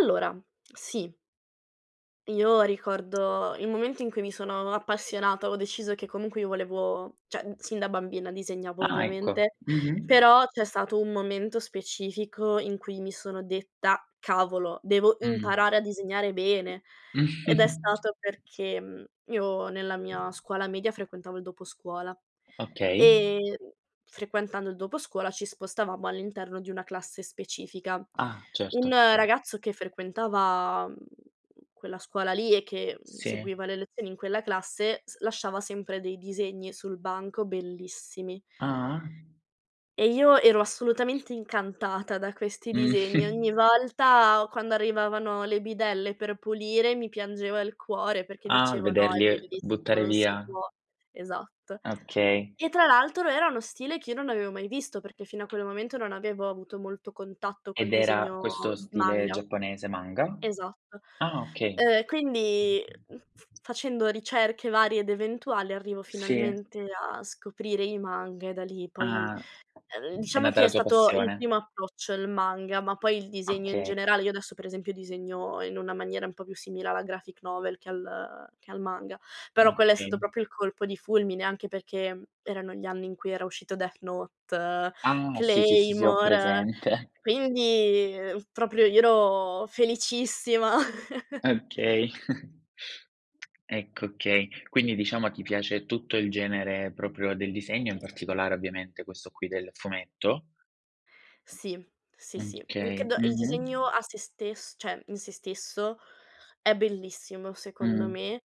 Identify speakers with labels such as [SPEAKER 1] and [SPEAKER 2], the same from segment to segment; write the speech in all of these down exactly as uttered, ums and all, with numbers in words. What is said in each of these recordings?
[SPEAKER 1] Allora, sì. Io ricordo il momento in cui mi sono appassionata, avevo deciso che comunque io volevo ceh, mhmm, sin da bambina disegnavo
[SPEAKER 2] Ah, ecco.
[SPEAKER 1] ovviamente,
[SPEAKER 2] Mh-mh.
[SPEAKER 1] però c'è stato un momento specifico in cui mi sono detta: "Cavolo, devo
[SPEAKER 2] Mh.
[SPEAKER 1] imparare a disegnare bene", ed è stato perché, mhmm, io nella mia scuola media frequentavo il doposcuola
[SPEAKER 2] Okay.
[SPEAKER 1] e, mhmm, frequentando il doposcuola ci spostavamo all'interno di una classe specifica.
[SPEAKER 2] Ah, certo.
[SPEAKER 1] Un
[SPEAKER 2] Okay.
[SPEAKER 1] ragazzo che frequentava, mhmm, quella scuola lì e che, mhmm,
[SPEAKER 2] Sì.
[SPEAKER 1] seguiva le lezioni in quella classe s lasciava sempre dei disegni sul banco, bellissimi.
[SPEAKER 2] Ah-ah.
[SPEAKER 1] E io ero assolutamente incantata da questi disegni. Ogni volta quando arrivavano le bidelle per pulire mi piangeva il cuore perché
[SPEAKER 2] Ah,
[SPEAKER 1] dicevo: "No, è
[SPEAKER 2] vederli e
[SPEAKER 1] bellissimo,
[SPEAKER 2] buttare
[SPEAKER 1] non si
[SPEAKER 2] via
[SPEAKER 1] può." Esatto.
[SPEAKER 2] Ah, okay.
[SPEAKER 1] E tra l'altro era uno stile che io non avevo mai visto, perché fino a quel momento non avevo avuto molto contatto col
[SPEAKER 2] Ed era
[SPEAKER 1] disegno
[SPEAKER 2] questo stile
[SPEAKER 1] manga.
[SPEAKER 2] giapponese manga?
[SPEAKER 1] Esatto.
[SPEAKER 2] Ah, okay.
[SPEAKER 1] Uhm, quindi, mhmm, f facendo ricerche varie ed eventuali arrivo
[SPEAKER 2] Sì.
[SPEAKER 1] finalmente a scoprire i manga e da lì poi,
[SPEAKER 2] Ah.
[SPEAKER 1] uhm,
[SPEAKER 2] È
[SPEAKER 1] diciamo
[SPEAKER 2] nata
[SPEAKER 1] che
[SPEAKER 2] la
[SPEAKER 1] è
[SPEAKER 2] tua
[SPEAKER 1] stato il
[SPEAKER 2] passione.
[SPEAKER 1] primo approccio il manga, ma poi il disegno in
[SPEAKER 2] Okay.
[SPEAKER 1] generale. Io adesso per esempio disegno in una maniera un po' più simile alla graphic novel che al che al manga, però quello è stato
[SPEAKER 2] Okay.
[SPEAKER 1] proprio il colpo di fulmine anche perché, mhmm, erano gli anni in cui era uscito Death Note,
[SPEAKER 2] Ah. Sì, sì, sì, sì, ho
[SPEAKER 1] Claymore,
[SPEAKER 2] presente.
[SPEAKER 1] quindi, ehm, proprio io ero felicissima.
[SPEAKER 2] Okay. Ecco, okay. Quindi diciamo a chi piace tutto il genere proprio del disegno, in particolare ovviamente questo qui del fumetto?
[SPEAKER 1] Sì, sì, sì. Mh,
[SPEAKER 2] Okay,
[SPEAKER 1] credo il disegno
[SPEAKER 2] mh-mh.
[SPEAKER 1] a se stess ceh, in se stesso, è bellissimo secondo
[SPEAKER 2] Mh-mh.
[SPEAKER 1] me.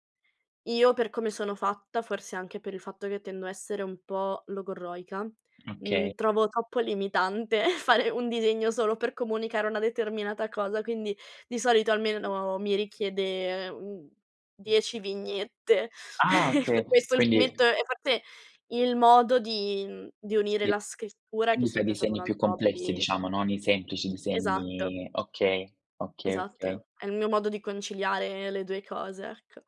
[SPEAKER 1] Io per come sono fatta, forse anche per il fatto che tendo a essere un po' logorroica,
[SPEAKER 2] Okay.
[SPEAKER 1] mhmm, trovo troppo limitante fare un disegno solo per comunicare una determinata cosa, quindi di solito almeno mi richiede, ehm, uhm, dieci vignette.
[SPEAKER 2] Ah okay,
[SPEAKER 1] Per questo il
[SPEAKER 2] quindi
[SPEAKER 1] fumetto è forse il modo di mhmm, di unire
[SPEAKER 2] Sì.
[SPEAKER 1] la scrittura, che è
[SPEAKER 2] Quindi fai
[SPEAKER 1] sempre stato un
[SPEAKER 2] disegni più
[SPEAKER 1] altro
[SPEAKER 2] complessi
[SPEAKER 1] hobby
[SPEAKER 2] diciamo, non i semplici
[SPEAKER 1] Esatto.
[SPEAKER 2] disegni Okay. Okay, okay.
[SPEAKER 1] Esatto, è il mio modo di conciliare le due cose, ecco.